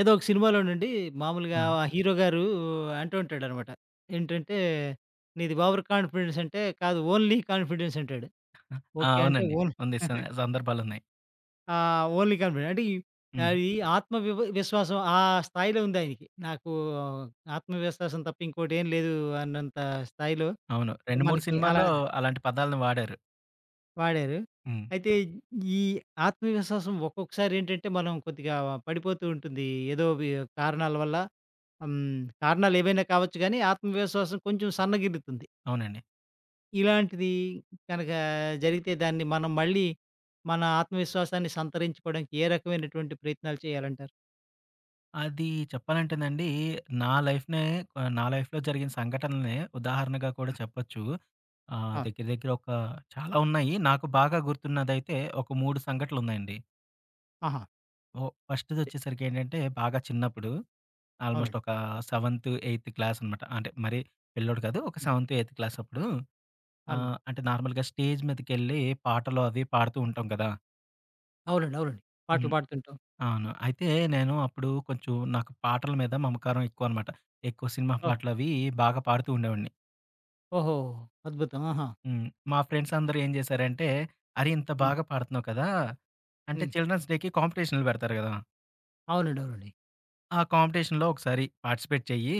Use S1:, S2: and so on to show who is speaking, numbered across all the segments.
S1: ఏదో ఒక సినిమాలోనండి మామూలుగా
S2: హ్మ్.
S1: ఆ హీరోగారు అంటూ ఉంటాడనమాట. ఏంటంటే. "నీది ఓవర్ కాన్ఫిడెన్స్" అంటే "కాదు. ఓన్లీ కాన్ఫిడెన్స్" అంటాడు.
S2: ఆహా! ఆ!
S1: ఓకే. అంటే
S2: అవునండి.
S1: ఓన్
S2: ఉంది. స సందర్భాలున్నాయి.
S1: ఆ! ఓన్లీ కాన్ఫిడెన్స్ అంటే ఈ
S2: హ్మ్.
S1: అది ఆత్మ వి విశ్వాసం ఆ స్థాయిలో ఉంది ఆయనకి. నాకు ఆత్మవిశ్వాసం తప్ప ఇంకోటేం లేదు అన్నంత స్థాయిలో.
S2: అవును.
S1: అంటే
S2: 2, 3
S1: మనకి అలా
S2: సినిమాల్లో అలాంటి పదాల్ని వాడారు.
S1: వాడారు.
S2: హ్మ్.
S1: అయితే ఈ ఆత్మవిశ్వాసం ఒక్కొక్కసారేంటంటే మనం కొద్దిగా పడిపోతూ ఉంటుంది. ఏదో వి కారణాల వల్ల. హ్మ్. కారణాలేవైనా కావచ్చుగానీ ఆత్మవిశ్వాసం కొంచెం సన్నగిల్లుతుంది.
S2: అవునండి.
S1: ఇలాంటిది కనక జరిగితే దాన్ని మనం మళ్ళీ మన ఆత్మవిశ్వాసాన్ని సంతరించుకోవడానికి ఏ రకమైనటువంటి ప్రయత్నాలు చేయాలంటారు?
S2: అది చెప్పాలంటేనండి. నా లైఫ్‌‌‌నే కొ నా లైఫ్‌లో జరిగిన సంఘటల్నే ఉదాహరణగా కూడా
S1: ఆ!
S2: చెప్పొచ్చు. ఆహ్,
S1: ఆ!
S2: దెగ్గర దెగ్గర ఒక చాలా ఉన్నాయి. నాకు బాగా గుర్తున్నదైతే ఒక మూడు సంఘటనలున్నాయండి.
S1: ఆహా!
S2: ఓహ్! ఫస్ట్‌ది ఒచ్చేసరికి ఏంటంటే. బాగా చిన్నప్పుడు. ఆల్మోస్ట్
S1: అవునండి.
S2: ఒక సెవెన్త్ ఎయిత్ క్లాస్ అనమాట. అంటే మరరీ పిల్లోడు కాదు. ఒక
S1: హ్మ్.
S2: సెవెన్త్ ఎయిత్ క్లాస్ అప్పుడు. ఆ!
S1: అన్
S2: అంటే నార్మల్‌గా స్టేజ్ మీదకెళ్ళి పాటలు అవి పాడుతూ ఉంటాం గదా!
S1: అవునండి. అవునండి. పాటలు
S2: హ్మ్.
S1: పాడుతుంటాం.
S2: అవును. అయితే నేను అప్పుడు కొంచెం. నాకు పాటల మీద మమకారం ఎక్కువనమాట. ఎక్కువ సినిమా
S1: ఆ!
S2: పాటలు అవి బాగా పాడుతూ ఉండేవాడిని.
S1: ఓహో! అద్భుతం ఆహా!
S2: హ్మ్. మా ఫ్రెండ్స్ అందరూ ఏం జేశారంటే. అరెయ్ ఇంత
S1: హ్మ్.
S2: బాగా పాడుతున్నావు కదా! అంటే
S1: హ్మ్.
S2: చిల్డ్రన్స్ డేకి కాంపిటీషన్లు పెడతారు కదా!
S1: అవునండి. అవునండి.
S2: ఆ కాంపిటీషన్‌లొ ఒకసారి పార్టిసిపేట్ చెయ్యి.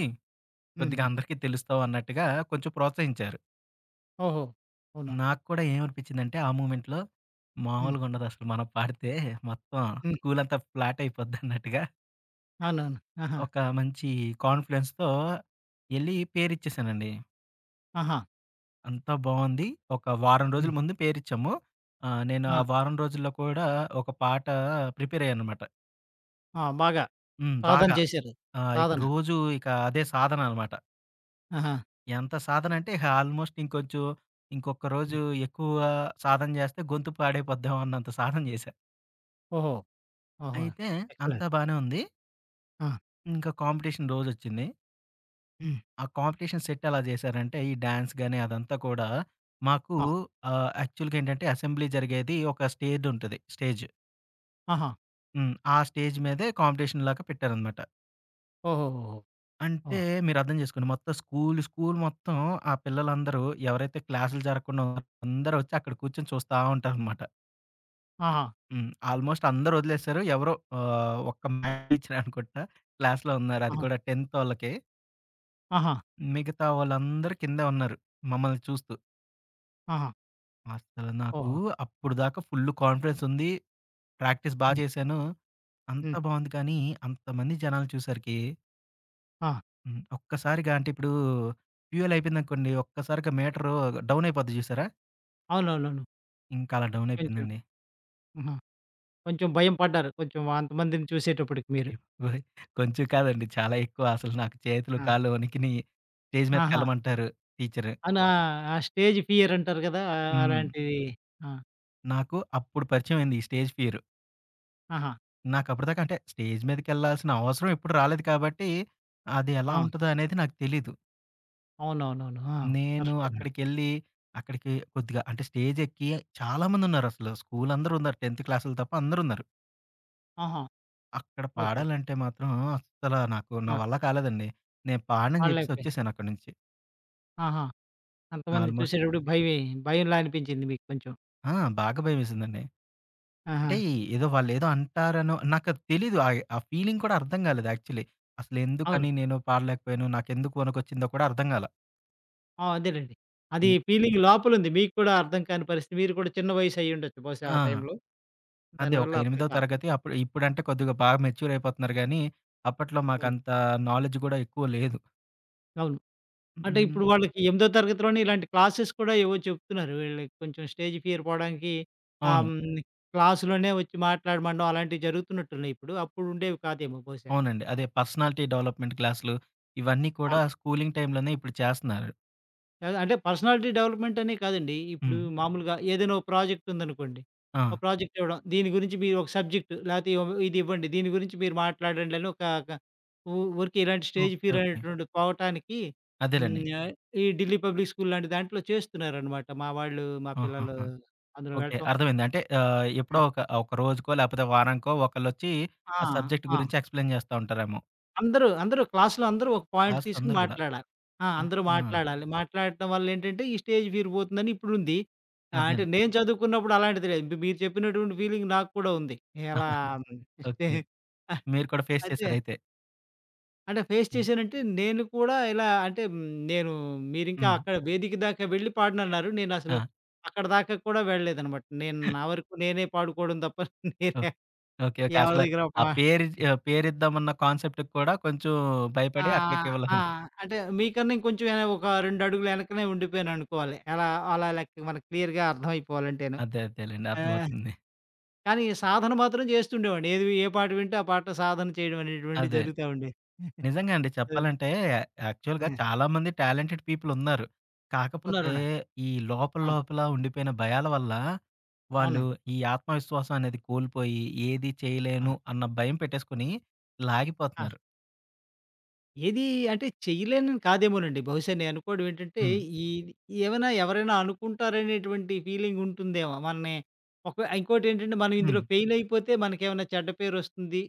S2: కొద్దిగా
S1: హుహు.
S2: అందరికీ తెలుస్తావు అన్నట్టుగా కొంచెం ప్రోత్సహించారు.
S1: ఓహో! అవునా.
S2: నాకు కూడా ఏమనిపిచ్చిందంటే ఆ మూమెంట్‌లొ.
S1: హ్మ్.
S2: మామూలుగా ఉండదు అసలు మనం పాడితే, మొత్తం
S1: హ్మ్.
S2: స్కూలంతా ఫ్లాట్ అయిపోద్దన్నట్టుగా
S1: అవునవును. ఆహా!
S2: ఒక మంచి కాన్ఫిడెన్స్‌తో ఎళ్లి పేరిచ్చేసానండి.
S1: ఆహా!
S2: అంతా బావుంది. ఒక వారం రోజుల
S1: హ్మ్.
S2: ముందు పేరిచ్చాము. ఆ! నేను ఆ
S1: ఆ!
S2: వారం రోజుల్లో కూడా ఒక పాట ప్రిపేర్ అయ్యా అనమాట.
S1: ఆ! బాగా.
S2: హ్మ్.
S1: సాధన
S2: బాగా.
S1: చేశారు.
S2: ఆ! ఇక
S1: సాధన.
S2: రోజు ఇక అదే సాధననమాట.
S1: ఆహా!
S2: ఎంత సాధనంటే ఇహ ఆల్మోస్ట్ ఇంకొంచెం. ఇంకొక రోజు
S1: హ్మ్.
S2: ఎక్కువ సాధన జేస్తే గొంతు పాడైపోద్దేమో అన్నంత సాధన చేశా.
S1: ఓహో! ఆహా!
S2: అయితే
S1: ఎక్సలెంట్.
S2: అంతా బానే ఉంది.
S1: ఆ!
S2: ఇంకా కాంపిటీషన్ రోజొచ్చింది.
S1: హ్మ్.
S2: ఆ కాంపిటీషన్ సెట్ ఎలా చేశారంటే, ఈ డ్యాన్స్ గాని, అదంతా కూడా మాకు
S1: ఆ!
S2: ఆహ్, యాక్చువల్‌గా ఏంటంటే, అసెంబ్లీ జరిగేది ఒక స్టేడ్ ఉంటది స్టేజు.
S1: ఆహా!
S2: హ్మ్. ఆ స్టేజ్ మీదే కాంపిటీషన్ లాగా పెట్టేరనమాట.
S1: ఓహోహో!
S2: అంటే
S1: ఓహ్!
S2: మీరర్థం చేసుకోండి. మొత్తం స్కూలు స్కూలు మొత్తం, ఆ పిల్లలందరూ ఎవరైతే క్లాసులు జరగకుండా అందరూ వచ్చి, అక్కడ కూర్చొని చూస్తా ఉంటారనమాట.
S1: ఆహా!
S2: హ్మ్. ఆల్మోస్ట్ అందరూ వదిలేసారు. ఎవరో ఆహ్, ఒక్క మ్యాథ్స్ టీచర్ అనుకుంటా. క్లాస్‌లో ఉన్నారు అది
S1: ఆహా!
S2: కూడా టెన్తోళ్ళకి.
S1: ఆహా!
S2: మిగతా వాళ్ళందరూ కిందే ఉన్నారు. మమ్మల్ని చూస్తూ.
S1: ఆహా!
S2: అసలు నాకు
S1: ఓహో!
S2: అప్పటిదాకా ఫుల్లు కాన్ఫిడెన్స్ ఉంది, ప్రాక్టీస్ బా
S1: హ్మ్.
S2: చేశాను.
S1: హ్మ్.
S2: అంతా బావుంది. కానీ అంతమంది జనాలు చూస్సరికి
S1: ఆ!
S2: హ్మ్. ఒక్కసారిగా అంటే ఇప్పుడు, ఫ్యూయల్ అయిపోయిందనుకోండి. ఒక్కసారిగా మీటరు డౌన్ అయిపోద్ది చూసారా?
S1: అవునవునవును.
S2: ఇంకా అలా
S1: కొంచెం.
S2: డౌనయిపోయిందండి.
S1: ఆహా! కొంచెం భయం పడ్డారు. కొంచెం అంతమందిని చూసేటప్పటికి మీరు.
S2: ఎప్ ఓయ్! కొంచెం కాదండి. చాలా ఎక్కువ అసలు నాకు చేతులు
S1: ఆ!
S2: కాళ్ళు వణికిినయి. స్టేజ్ మీద
S1: ఆహా!
S2: కెళ్ళమంటారు. టీచరు.
S1: అనా ఆ స్టేజ్ ఫియర్ అంటారు కదా! ఆహ్,
S2: హ్మ్.
S1: అలాంటిది ఆ!
S2: నాకు అప్పుడు పరిచయమైంది ఈ స్టేజ్ ఫియరు.
S1: ఆహా!
S2: నాకప్పుటిదాకా అంటే స్టేజ్ మీదకెళ్ళాల్సిన అవసరం ఎప్పుడు రాలేదు కాబట్టి, అది ఎలా
S1: ఆ!
S2: ఉంటదో అనేది నాకు తెలీదు.
S1: అవునవునవును. ఆ!
S2: నేను
S1: కరెక్టే‌నండి.
S2: అక్కడికెళ్ళి అక్కడికి కొద్దిగా అంటే స్టేజెక్కి చాలామందున్నారసలు. స్కూలందరున్నారు. 10థ్ క్లాసోళ్ళు తప్ప అందరున్నారు.
S1: ఆహా!
S2: అక్కడ
S1: ఓకే.
S2: పాడాలంటే మాత్రం అస్సల నాకు నా
S1: ఆ!
S2: వల్ల కాలేదండి. నేను పాడనని జెప్పేసి
S1: పాడలేకపోయే.
S2: వచ్చేశానక్కడి నుంచి.
S1: ఆహా! అంతమందిని
S2: ఆల్మోస్ట్.
S1: చూసేటప్పుడు భయమై భయంలా అనిపించింది మీకు కొంచెం.
S2: ఆ! బాగా భయమేసిందండి. అంటే,
S1: ఆహా!
S2: ఏదో వాళ్లేదో అంటారనో నాకది తెలీదు ఆయే ఆ ఫీలింగ్ కూడా అర్థం గాలేదు యాక్చువల్లీ.
S1: అవును.
S2: అసలెందుకని నేను పాడలేకపోయాను నాకెందుకు వనుకొచ్చిందో కూడా అర్థంగాలా.
S1: ఆ! అదేలెండి. అది
S2: హ్మ్.
S1: ఫీలింగ్ లోపలుంది. మీకు కూడా అర్థం కాని పరిస్థితి, మీరు కూడా చిన్న వయసయ్యుండొచ్చు బహుశా
S2: ఆ!
S1: ఆ టైంలో.
S2: అదే. ఒక
S1: దానివల్ల
S2: ఎనిమిదో
S1: అర్దంకాలా.
S2: తరగతి అప్పుడు. ఇప్పుడంటే కొద్దిగా బాగా మెచ్యూర్ అయిపోతున్నారు గానీ, అప్పట్లో
S1: అవును.
S2: మాకంత నాలెడ్జ్ గూడా ఎక్కువ లేదు.
S1: అవును.
S2: హు.
S1: అంటే
S2: హ్మ్.
S1: ఇప్పుడు వాళ్ళకి ఎమిదో తరగతిలోనే ఇలాంటి క్లాసెస్ కూడా ఏవో చెప్తున్నారు. వీళ్ళకి కొంచెం స్టేజ్ ఫియరు పోడానికి, ఆహ్,
S2: అవును.
S1: హ్మ్. క్లాసులోనే ఒచ్చి మాట్లాడమనడం అలాంటివి జరుగుతున్నట్టున్నయిప్పుడు. అప్పుడు ఉండేవి కాదేమో బహుశా.
S2: అవునండి. అదే. పర్సనాలిటీ డెవలప్‌మెంట్ క్లాసులు. ఇవన్నీ కూడా
S1: ఆ!
S2: స్కూలింగ్ టైంలోనే ఇప్పుడు చేస్తన్నారు.
S1: కాదు. అంటే పర్సనాలిటీ డెవలప్‌మెంటనే కాదండి. ఇప్పుడు
S2: హ్మ్.
S1: మామూలుగా ఏదైనా ఒక ప్రాజెక్టుందనుకోండి. ఆ
S2: ఆ!
S1: ప్రాజెక్ట్ ఇవ్వడం. దీని గురించి మీరోక సబ్జెక్ట్ లేకపోతే ఇయొ ఇదివ్వండి. దీని గురించి మీరు మాట్లాడండని ఒక క ఉ ఊరికే ఇలాంటి స్టేజ్
S2: ఓకే,
S1: ఫియర్
S2: ఓకే.
S1: అనేటువంటిది పోవటానికి
S2: అదేలెండి.
S1: హ్మ్ ఆహ్, ఈ ఢిల్లీ పబ్లిక్ స్కూలాంటి దాంట్లో చేస్తున్నారనమాట. మా వాళ్ళు, మా పిల్లలు.
S2: ఆహాహా!
S1: అందులో
S2: ఓకే.
S1: వెళ్ళటం
S2: అర్థమైంది. అంటే ఆహ్, ఎప్పుడో
S1: ఆ!
S2: ఒక, ఒక రోజుకో, లేకపోతే వారానికో ఒకళ్ళోచ్చి
S1: ఆ!
S2: ఆ సబ్జెక్ట్
S1: ఆ!
S2: గురించి ఎక్స్‌ప్లేన్ జేస్తా ఉంటారేమో.
S1: అందరూ, అందరూ క్లాస్‌లో అందరూ ఒక పాయింట్
S2: క్లాసు‌లో
S1: తీసుకొని
S2: అందరూ గూడా.
S1: మాట్లాడా ఆ! అందరూ
S2: అహా!
S1: మాట్లాడాలి. మాట్లాడటం వల్లేంటంటే ఈ స్టేజ్ ఫియర్ పోతుందని ఇప్పుడుంది. ఆహ్, అంటే
S2: అదేన్
S1: నేను చదువుకున్నప్పుడు అలాంటిది లేదు. మీ మీరు చెప్పినటువంటి ఫీలింగ్ నాకు కూడా ఉంది. ఎలా హ్మ్,
S2: ఓకే.
S1: [unintelligible] అహ్,
S2: మీరు కూడా ఫేస్
S1: అయితే
S2: చేశారైతే.
S1: అంటే ఫేస్
S2: హ్మ్.
S1: చేశానంటే నేను కూడా ఇలా అంటే హ్మ్, నేను మీరింకా
S2: హ్మ్.
S1: అక్కడ వేదిక దాకా వెళ్ళి పాడనన్నారు నేనసలు
S2: ఆ!
S1: అక్కడిదాకా కూడా వెళ్ళలేదనమాట. నేను నా వరకు నేనే పాడుకోవడం దప్ప
S2: ఓ
S1: నేనే
S2: ఓకే, ఓకే.
S1: ఎవరి
S2: అసలు
S1: దగ్గరో
S2: ఆ
S1: పా
S2: పేరుజ్
S1: హ్మ్.
S2: ఆహ్, పేరిద్దామన్న కాన్సెప్ట్‌కి కూడా కొంచెం భయపడి
S1: ఆహ్,
S2: అక్కడికి వెళ్ళను.
S1: ఆహ్, అంటే మీకన్నా ఇంకొంచెం ఏన ఒక రెండడుగులు ఎనకనే ఉండిపోయాననుకోవాలి. ఎలా అలా లెక్క మనకు క్లియర్‌గా అర్థమైపోవాలంటేను.
S2: అదే అదేలెండి.
S1: ఆహ్,
S2: అర్థమవుతుంది.
S1: కానీ సాధన మాత్రం జేస్తుండేవాడిని. ఏదివి ఏ పాట వింటే ఆ పాట సాధన చేయడమనేటువంటిది
S2: అదే.
S1: జరుగుతా ఉండే.
S2: నిజంగా అండి
S1: అది.
S2: చెప్పాలంటే యాక్చువల్‌గా
S1: ఆ!
S2: చాలామంది టాలెంటెడ్ పీపులున్నారు. కాకపోతే
S1: ఉన్నారున్నారు.
S2: ఈ లోపల,
S1: ఆ!
S2: లోపల ఉండిపోయిన భయాల వల్ల వాళ్ళు
S1: అవునండి.
S2: ఈ ఆత్మవిశ్వాసమనేది కోల్పోయి, ఏది
S1: ఆ!
S2: చేయలేను అన్న భయం పెట్టేసుకొని
S1: ఆ!
S2: లాగిపోతున్నారు.
S1: ఏదీ అంటే, చేయలేనని కాదేమోనండి. బహుశా నేననుకోవడం ఏంటంటే,
S2: హ్మ్.
S1: ఈదీ ఏవైనా ఎవరైనా అనుకుంటారనేటువంటి ఫీలింగుంటుందేమో మన్ని ఒక ఇంకోటేంటంటే మనం ఇందులో
S2: హ్మ్.
S1: ఫెయిలయిపోతే మనకేమన్నా చెడ్డ పేరొస్తుంది,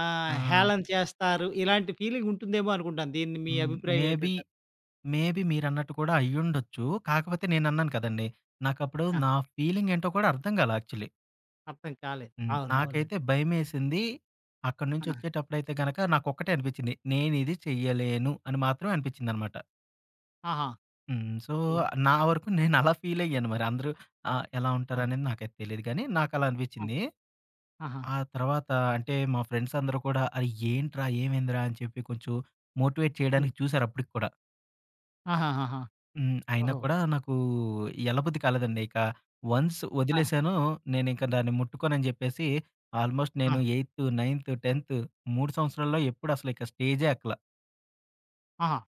S1: ఆహ్,
S2: ఆ!
S1: హేళన చేస్తారు, ఇలాంటి ఫీలింగుంటుందేమో అనుకుంటాను. దీన్ని మీ
S2: హ్మ్.
S1: అభిప్రాయం
S2: మేబి,
S1: ఏంటంటారు?
S2: మేబి మీరన్నట్టు కూడా అయ్యుండొచ్చు. కాకపోతే నేనన్నాను కదండీ. నాకప్పుడు
S1: ఆ!
S2: నా ఫీలింగ్ ఏంటో కూడా అర్థం గాలా. యాక్చువల్‌లీ.
S1: అర్థం కాలేదు.
S2: హ్మ్.
S1: అవును. అవునండి.
S2: నాకైతే భయమేసింది. అక్కడ్నుంచి
S1: ఆ!
S2: ఒచ్చేటప్పుడైతే గనక నాకొక్కటే అనిపిచ్చింది. నేనిది చెయ్యలేను అని మాత్రం అనిపిచ్చిందనమాట.
S1: ఆహా!
S2: హ్మ్. సో,
S1: ఎ
S2: నా వరకు నేనలా ఫీలయ్యాను మరి అందరూ ఆహ్, ఎలా
S1: ఆ!
S2: ఉంటారనేది నాకైతే తెలీదు కానీ, నాకలా
S1: ఆ!
S2: అనిపిచ్చింది.
S1: ఆహా!
S2: ఆ తర్వాత అంటే, మా ఫ్రెండ్స్ అందరూ కూడా, "ఆ! ఏంట్రా? ఏమైందిరా?" అని చెప్పి కొంచెం మోటివేట్
S1: హ్మ్.
S2: చేయడానికి చూసారప్పడికి కుడా.
S1: ఆహాహాహా!
S2: హ్మ్. అయినా
S1: ఓహో!
S2: కూడా నాకు ఎల్ల బుద్ది కాలేదండి. ఇక వన్స్
S1: ఆ!
S2: ఒదిలేసానో, నేనింక దాన్ని ముట్టుకోనని జెప్పేసి ఆల్‌మోస్ట్
S1: ఆ!
S2: నేను ఎయి‌తు, నై‌న్తు, టెన్తు 3 సంవత్సరాల్లో ఎప్పుడు అసలిక స్టేజే ఎక్కల.
S1: ఆహా!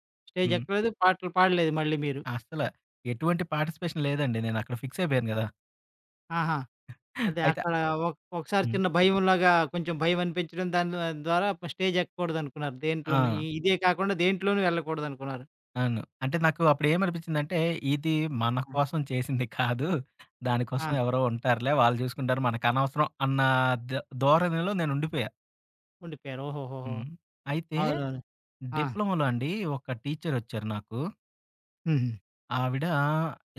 S2: హ్మ్.
S1: స్టేజెక్కలేదు, పాటలు పాడలేదు మళ్ళీ మీరు.
S2: అస్సల, ఎటువంటి పార్టిసిపేషన్ లేదండి. నేనక్కడ ఫిక్సయిపోయాను గదా!
S1: ఆహా! అదే
S2: అయిత,
S1: అక్కడ ఒక ఒకసారి
S2: హ్మ్.
S1: చిన్న భయంలాగా, కొంచెం భయం అనిపించడం దాని ద్వారా స్టేజెక్కకూడదనుకున్నారు. దేంట్లోను. ఇ
S2: ఆ!
S1: ఇదే కాకుండా దేంట్లోనూ వెళ్ళకూడదనుకున్నారు.
S2: అవును. అంటే నాకు అప్పుడేమనిపిచ్చిందంటే ఇది మన
S1: ఆ!
S2: కోసం చేసింది కాదు. దానికోసం
S1: ఆ!
S2: ఎవరో ఉంటారులే, వాళ్ళు చూసుకుంటారు మనకనవసరం అన్న ద దోరణిలో నేను ఉండిపోయా.
S1: ఉండిపోయారు. ఓహోహోహో!
S2: హ్మ్. అయితే.
S1: అవునవును. ఆ!
S2: డిప్లొమాలో అండి ఒక టీచరొచ్చారు నాకు.
S1: హుహు.
S2: ఆవిడ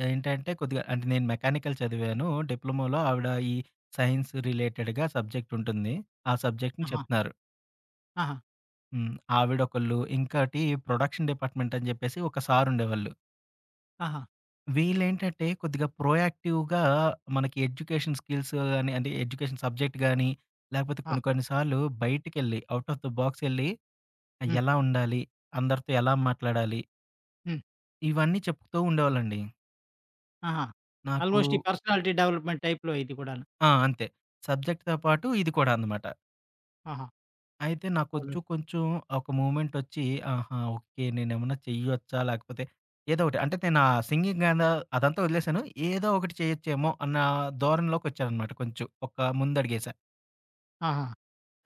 S2: ఏంటంటే కొద్దిగా అంటే నేను మెకానికల్ చదివాను. డిప్లొమాలో ఆవిడ, ఈ సైన్స్ రిలేటెడ్‌గా సబ్జెక్టుంటుంది. ఆ సబ్జెక్ట్‌ని
S1: ఆహా!
S2: చెప్తున్నారు.
S1: ఆహా!
S2: హ్మ్. ఆవిడొకళ్ళు, ఇంకోటి ప్రొడక్షన్ డిపార్ట్మెంటని చెప్పేసి ఒక సారుండేవాళ్ళు.
S1: ఆహా!
S2: వీళ్ళేంటంటే కొద్దిగా ప్రొయాక్టివ్‌గా మనకి ఎడ్యుకేషన్ స్కిల్స్ గాని అంటే, ఎడ్యుకేషన్ సబ్జెక్ట్ గాని, లేకపోతే
S1: ఆ!
S2: కొన్ని కొన్ని సార్లు బయటికెళ్ళి, ఔట్ ఆఫ్ ది బాక్సెళ్ళి. ఆహ్,
S1: హ్మ్.
S2: ఎలా ఉండాలి? అందరితో ఎలా మాట్లాడాలి?
S1: హ్మ్.
S2: ఇవన్నీ చెప్పుతూ ఉండేవాళ్ళండి.
S1: ఆహా!
S2: నాకు
S1: ఆల్మోస్ట్ ఈ పర్సనాలిటీ డెవలప్మెంట్ టైప్‌లో ఇది కూడాను.
S2: ఆ! అంతే. సబ్జెక్ట్‌తో పాటు ఇది కూడా అనమాట.
S1: ఆహా!
S2: అయితే నాకొచ్చు
S1: అవును.
S2: కొంచెం ఒక మూవ్మెంటొచ్చి ఆహా! ఓకే. నేనేమన్నా చెయ్యొచ్చా, లేకపోతే ఏదో ఒకటి. అంటే, నేను ఆ సింగింగ్ గాని అదంతా వదిలేసాను. ఏదో ఒకటి చేయొచ్చేమో అన్న ధోరణిలోకొచ్చానమాట కొంచెం. ఒక ముందు అడుగేసా.
S1: ఆహా!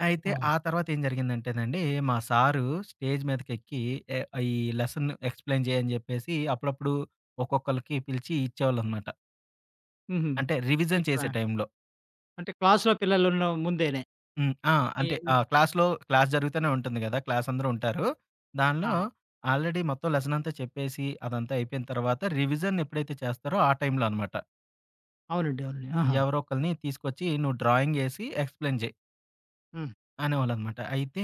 S2: అయితే
S1: ఓహో!
S2: ఆ తర్వాతేం జరిగిందంటేనండి, మా సారు స్టేజ్ మీదకెక్కి ఎ ఈ లెసన్‌ని ఎక్స్‌ప్లెయిన్ చేయ్యని చెప్పేసి, అప్పుడప్పుడు ఒక్కొక్కళ్ళకి పిలిచి ఇచ్చేవాళ్ళనమాట.
S1: హుహు.
S2: అంటే, రివిజన్
S1: ఇట్లా.
S2: చేసే టైంలో.
S1: అంటే, క్లాస్‌లో పిల్లలు ఉన్న ముందేనే.
S2: హ్మ్. ఆ! అంటే,
S1: ఈనే
S2: ఆహ్, క్లాస్‌లో, క్లాస్ జరుగుతూనే ఉంటుంది కదా! క్లాసందరూ ఉంటారు. దానిలో
S1: ఆహా!
S2: ఆల్రెడీ మొత్తం లెసన్ అంతా చెప్పేసి అదంతా అయిపోయిన తర్వాత, రివిజన్ ఎప్పుడైతే చేస్తారో ఆ టైంలో అనమాట.
S1: అవునండి. అవునండి. ఆహా!
S2: ఎవరో ఒకళ్ళని తీసుకొచ్చి నువ్వు డ్రాయింగ్ ఏసి ఎక్స్‌ప్లెయిన్ చేయి.
S1: హ్మ్.
S2: అనేవాళ్ళనమాట. అయితే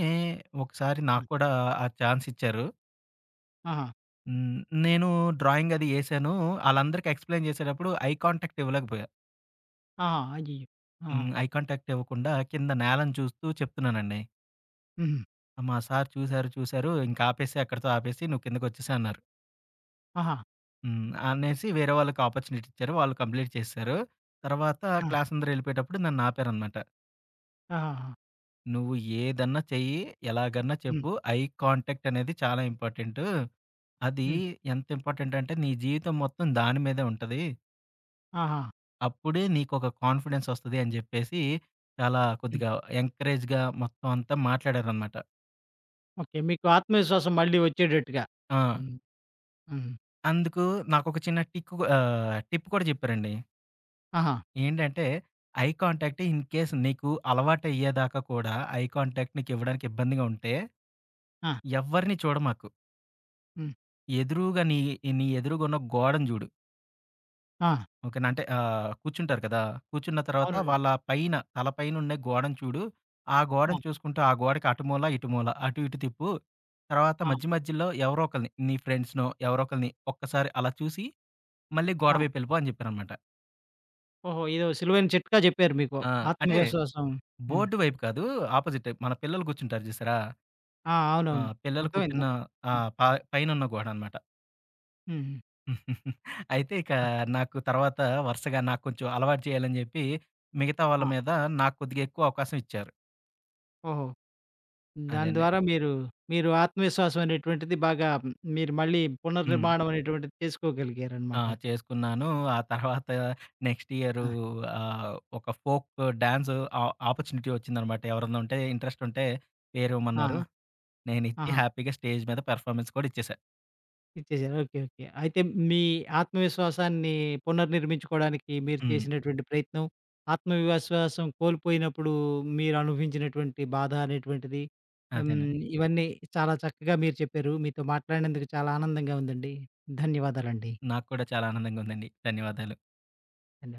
S2: ఒకసారి
S1: ఆ!
S2: నాకు కూడా ఆ ఛాన్స్ ఇచ్చారు.
S1: ఆహా!
S2: హ్మ్. నేను డ్రాయింగ్ అది ఎసాను. ఆళ్ళందరికీ ఎక్స్‌ప్లెయిన్ చేసేటప్పుడు ఐ కాంటాక్ట్ ఇవ్వలేకపోయా.
S1: ఆ! అయ్యి, ఆహా!
S2: హ్మ్. ఐ కాంటాక్టివ్వకుండా కింద నేలను చూస్తూ చెప్తున్నానండి.
S1: హుహు.
S2: మా సారు చూసారు, చూసారు. "ఇంకాపేసేయి. అక్కడితో ఆపేసి నువ్వు కిందకోచ్చేసేయన్నారు."
S1: ఆహా!
S2: హ్మ్. అనేసి వేరే వాళ్ళకి ఆపర్చునిటిచ్చారు. వాళ్ళు కంప్లీట్ చేసేసారు. తర్వాత
S1: ఆ!
S2: క్లాసందరెళ్ళిపోయేటప్పుడు నన్నాపారన్నమాట.
S1: ఆహాహా!
S2: "నువ్వు ఏదన్నా చెయ్యి, ఎలాగన్నా
S1: హ్మ్.
S2: చెప్పు. ఐ కాంటాక్ట్ అనేది చాలా ఇంపార్టెంటు. అది
S1: హ్మ్.
S2: ఎంతింపార్టెంటంటే నీ జీవితం మొత్తం దాని మీదే ఉంటది."
S1: ఆహా!
S2: "అప్పుడే నీకొక కాన్‌ఫిడెన్సొస్తది" అని జెప్పేసి, చాలా
S1: హ్మ్.
S2: కొద్దిగా ఎంకరేజ్‌గా మొత్తమంతా మాట్లాడారనమాట.
S1: ఓకే. మీకు ఆత్మవిశ్వాసం మళ్ళీ ఒచ్చేటట్టుగా.
S2: ఆ!
S1: హ్మ్. హుహు.
S2: అందుకు నాకోక చిన్న టిక్ కూ ఆహ్, టిప్ కూడా చెప్పారండి.
S1: ఆహా!
S2: ఏంటంటే "ఐ కాంటాక్ట్ ఇన్‌కేస్ నీకు అలవాటయ్యేదాకా కూడా ఐ కాంటాక్ట్ నీకివ్వడానికి ఇబ్బందిగా ఉంటే
S1: ఆ!
S2: ఎవ్వరిని చూడ‌మాకు."
S1: హ్మ్.
S2: ఎదురుగా నీ, నీ ఎదురుగున్న గోడను జూడు.
S1: ఆ!
S2: "ఓకే నా? అంటే ఆహ్, కూర్చుంటారు కదా! కూర్చున్న తర్వాత
S1: అవునండి.
S2: వాళ్ళ పైన తల పైనుండి గోడను చూడు. ఆ
S1: ఆ!
S2: గోడను చూసుకుంటూ, ఆ గోడకి అటు మూల, ఇటు మూల, అటు ఇటు తిప్పు. తర్వాత
S1: ఆ!
S2: మధ్య మధ్యలో ఎవరో ఒకళ్ళని నీ ఫ్రెండ్స్‌నో ఎవరో ఒకళ్ళని ఒక్కసారి అలా చూసి, మళ్ళీ
S1: ఆ!
S2: గోడవైపెళ్ళిపో" అని జెప్పారనమాట.
S1: ఓహో! ఏదో సులువైన చిట్కా జెప్పారు మీకు.
S2: ఆ! అంటే,
S1: ఆత్మవిశ్వాసం హ్మ్.
S2: బోర్డు వైపు కాదు ఆపోజిటే మన పిల్లలు గూర్చుంటారు చూసారా?
S1: ఆ!
S2: ఆ!
S1: అవునవును.
S2: పిల్లలు
S1: అర్థమైంది.
S2: కూర్చున్న
S1: అర్థం ఆ!
S2: ఆహ్, ప పైనున్న గోడనమాట.
S1: హుహు.
S2: అయితే ఇక
S1: ఆ!
S2: నాకు తర్వాత వరుసగా నాకు కొంచెం అలవాటు చేయాలని జెప్పి మిగతా వాళ్ళ
S1: ఆ!
S2: మీద నాకు కొద్దిగా ఎక్కువ అవకాశం ఇచ్చారు.
S1: ఓహో! దాని
S2: అదేండి.
S1: ద్వారా మీరు, మీరు ఆత్మవిశ్వాసం అనేటువంటిది బాగా మీరు మళ్ళీ
S2: హ్మ్.
S1: పునర్నిర్మాణం అనేటువంటిది
S2: ఆ!
S1: చేసుకోగలిగారనమాట.
S2: చేసుకున్నాను. ఆ తర్వాత నెక్స్ట్ ఇయరు
S1: ఆ!
S2: ఆహ్, ఒక ఫోకు డాన్సు ఆహ్, ఆపర్చునిటీ వచ్చిందనమాట. ఎవరన్నా ఉంటే, ఇంట్రెస్టుంటే
S1: ఆహా!
S2: పేరేమన్నారు. నేనిచ్చి
S1: ఆహా!
S2: హ్యాపీగా స్టేజ్ మీద పెర్ఫామన్స్ కూడ ఇచ్చేసా.
S1: ఇచ్చేసారు. Okay, okay. అయితే మీ ఆత్మవిశ్వాసాన్ని పునర్నిర్మించుకోవడానికి మీరు
S2: హ్మ్.
S1: చేసినటువంటి ప్రయత్నం ఆత్మవిశ్వాసం కోల్పోయినప్పుడు మీరు అనుభవించినటువంటి బాధ అనేటువంటిది ఆహ్,
S2: అదేనండి.
S1: హ్మ్, ఇవన్నీ చాలా చక్కగా మీరు చెప్పారు. మీతో మాట్లాడినందుకు చాలా ఆనందంగా ఉందండి. ధన్యవాదాలండి.
S2: నాకు కూడా చాలా ఆనందంగా ఉందండి. ధన్యవాదాలు.
S1: [unintelligible]